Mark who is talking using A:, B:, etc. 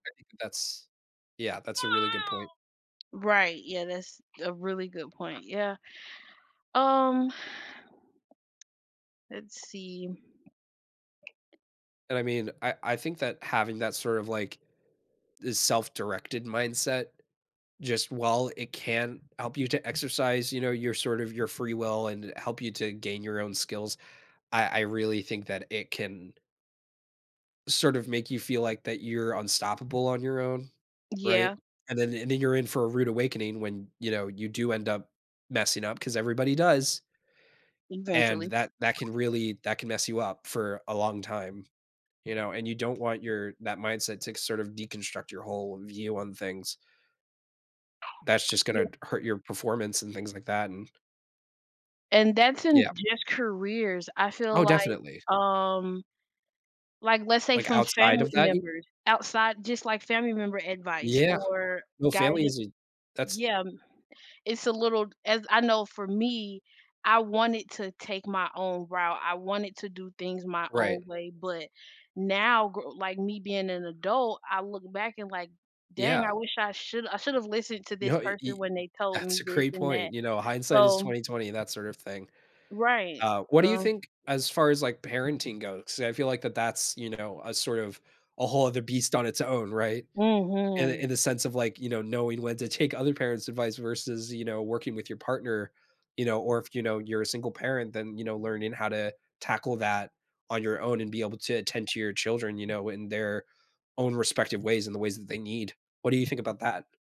A: I think that's yeah, that's a really good point.
B: Right, yeah, that's a really good point. Yeah. Um Let's see
A: And I mean, I I think that having that sort of like the self-directed mindset, just while it can help you to exercise, you know, your sort of your free will and help you to gain your own skills, I I really think that it can sort of make you feel like that you're unstoppable on your own, right,
B: Yeah.
A: and then and then you're in for a rude awakening when, you know, you do end up messing up 'cause everybody does. And
B: Eventually.
A: that that can really that can mess you up for a long time, you know, and you don't want your that mindset to c sort of deconstruct your whole view on things. That's just gonna
B: Yeah.
A: t hurt your performance and things like that, and
B: And that's in
A: Yeah.
B: just careers. I feel
A: Oh,
B: like,
A: definitely.
B: um like, let's say
A: Like
B: some
A: outside
B: family
A: of that y
B: members outside just, like, family member advice
A: Yeah,
B: or
A: no family
B: guidan
A: is a that's
B: yeah, it's a little as I know for me, I wanted to take my own route, I wanted to do things my
A: Right.
B: own way, but now, gr like me being an adult, I look back and like, "Dang,
A: Yeah.
B: I wish I should I should have listened to this
A: No, e
B: person
A: e
B: when they told
A: that's
B: me
A: a
B: this
A: great
B: and that,"
A: point, you know, hindsight is
B: so
A: 20/20, that sort of thing.
B: Right,
A: Uh, what do you
B: so
A: think as far as, like, parenting goes, 'cause I feel like that that's, you know, a sort of a whole other beast on its own, right? In the
B: Mhm.
A: in the sense of like, you know, knowing when to take other parents' advice versus, you know, working with your partner, you know, or if, you know, you're a single parent, then, you know, learning how to tackle that on your own and be able to attend to your children, you know, in their own respective ways and the ways that they need. What do you think about that?